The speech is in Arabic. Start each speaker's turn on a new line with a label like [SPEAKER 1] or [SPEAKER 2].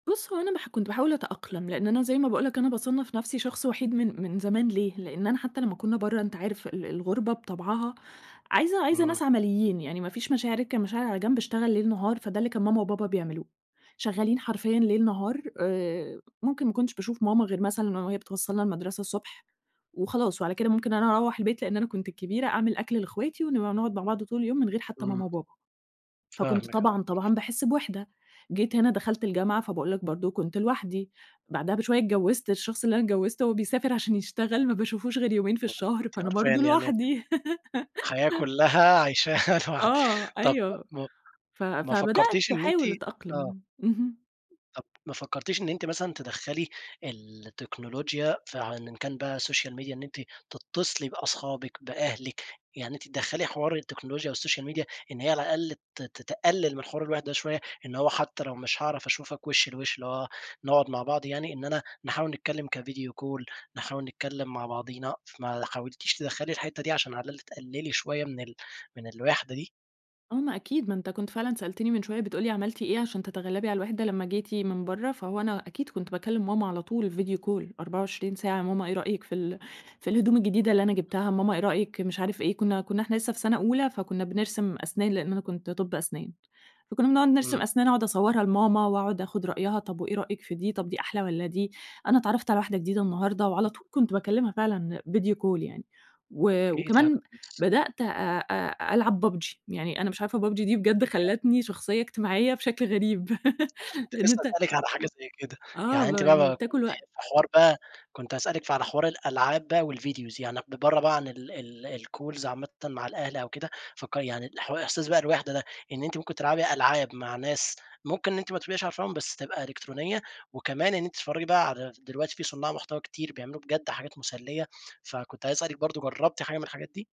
[SPEAKER 1] بُصّ هو أنا ما ح كُنت باحاول أتأقلَم لأن أنا زي ما باقول لك، أنا باصَنَّف نفسي شخص وحيد من من زمان، ليه لأن أنا حتى لمّا كُنّا برّا أنت عارف ال ال الغُربة بطَبعها عايزة عايزة
[SPEAKER 2] امم.
[SPEAKER 1] ناس عمليين يعني ما فيش مشاعر، أركن المشاعر على جنب اشتغل ليل نهار، فَده اللي كان ماما وبابا بيعملوه، شغالين حرفيًا ليل نهار آآ ممكن ما كُنتَش باشوف ماما غير مثلًا وهي بتوصلنا المدرسة الصبح وخلاص وعلى كده ممكن أنا أروح البيت لأن أنا كُنت الكبيرة أعمل أكل لأخواتي ونبقى نقعُد مع بعض طول اليوم من غير حتى
[SPEAKER 2] امم.
[SPEAKER 1] ماما وبابا. فَكُنت
[SPEAKER 2] فاهمكِ آه.
[SPEAKER 1] طبعًا، طبعًا باحسّ بوَحدة. جيت هنا دَخَلت الجامعة فَباقول لك برضه كُنت لوحدي، بعدها بشوية اتجَوَّزت الشخص اللي أنا اتجَوَّزتُه هو بيسافر عشان يشتغل ما باشوفهوش غير يومين في الشهر فأنا برضه
[SPEAKER 2] [unintelligible]
[SPEAKER 1] لوحدي.
[SPEAKER 2] الحياة كُلّها عَيشاها لوحدكِ
[SPEAKER 1] آه،
[SPEAKER 2] طب
[SPEAKER 1] أيوه،
[SPEAKER 2] م
[SPEAKER 1] ف
[SPEAKER 2] ما
[SPEAKER 1] فبدأت
[SPEAKER 2] فكرتيش إن أنتِ
[SPEAKER 1] أحاول
[SPEAKER 2] آه.
[SPEAKER 1] أتأقلم، اهم.
[SPEAKER 2] طب ما فكرتيش إن أنتِ مثلًا تَدَخَّلي التكنولوجيا ف إن كان بقى السوشيال ميديا إن أنتِ تتصلي بأصحابكِ، بأهلكِ يعني أنتِ تَدَخَّلي حوار التكنولوجيا والسوشيال ميديا إن هي على الأقل ت ت تقلل من حوار الوَحدة شوية، إن هو حتى لو مش هاعرف أشوفكِ وشّ لوشّ اللي هو نقعُد مع بعض يعني إن أنا نحاول نتكلم كفيديو كول نحاول نتكلم مع بعضينا ما حاولتِيش تَدَخَّلي الحتة دي عشان على الأقل تقللي شوية من ال من الوَحدة دي؟
[SPEAKER 1] آه ما أكيد، ما أنت كُنت فعلًا سَألتَني من شوية بتقول ليِ "عَمَلتِ إيه عشان تتغَلَّبي على الوَحدة لمّا جيتِ من برّا." فَهو أنا أكيد كُنت باكلم ماما على طول فيديو كول 24 ساعة، ماما إيه رأيكِ في ال في الهدوم الجديدة اللي أنا جبتها، ماما إيه رأيكِ مش عارف إيه، كُنّا كُنّا إحنا لسه في سنة أولى، فَكُنّا بنرسَم أسنان لأن أنا كُنت طَبّ أسنان. فَكُنّا بنقعُد
[SPEAKER 2] امم.
[SPEAKER 1] نرسَم أسنان أقعُد أصورها لماما وأقعُد آخُد رأيها طب وإيه رأيكِ في دي طب دي أحلى والّا دي، أنا اتعَرَّفت على واحدة جديدة النهارده وعلى طول كُنت باكلمها فعلًا فيديو كول يعني و وكمان
[SPEAKER 2] [unintelligible]
[SPEAKER 1] بَدَأت أ أ أ ألعب PUBG يعني أنا مش عارفة PUBG دي بجد
[SPEAKER 2] [unintelligible]
[SPEAKER 1] خَلَّتني شخصية اجتماعية بشكل غريب.
[SPEAKER 2] ما أنا كُنت
[SPEAKER 1] لأن
[SPEAKER 2] لسه
[SPEAKER 1] أنت
[SPEAKER 2] هاسألِك على حاجة زي كده،
[SPEAKER 1] آه،
[SPEAKER 2] يعني
[SPEAKER 1] ب
[SPEAKER 2] أنتِ
[SPEAKER 1] يعني
[SPEAKER 2] بقى
[SPEAKER 1] بتأكل
[SPEAKER 2] كُنتِ في
[SPEAKER 1] الوقت.
[SPEAKER 2] حوار بقى، كُنت هاسألِك ف على حوار الألعاب بقى والVideos يعني ب ب برّا بقى عن ال ال الCalls عامةً مع الأهل أو كده، فك يعني حو إحساس بقى الوَحدة ده إن أنتِ ممكن تلعَبي ألعاب مع ناس ممكن إن أنتِ ما تبقيش عارفاهُم بس تبقى إلكترونية وكمان إن أنتِ تتفرجي بقى على دلوقتي في صُنّاع محتوى كتير بيعمَلوا بجد حاجات مُسَلّية، فَكُنت عايز أسألِك برضه جربتِ حاجة من الحاجات دي؟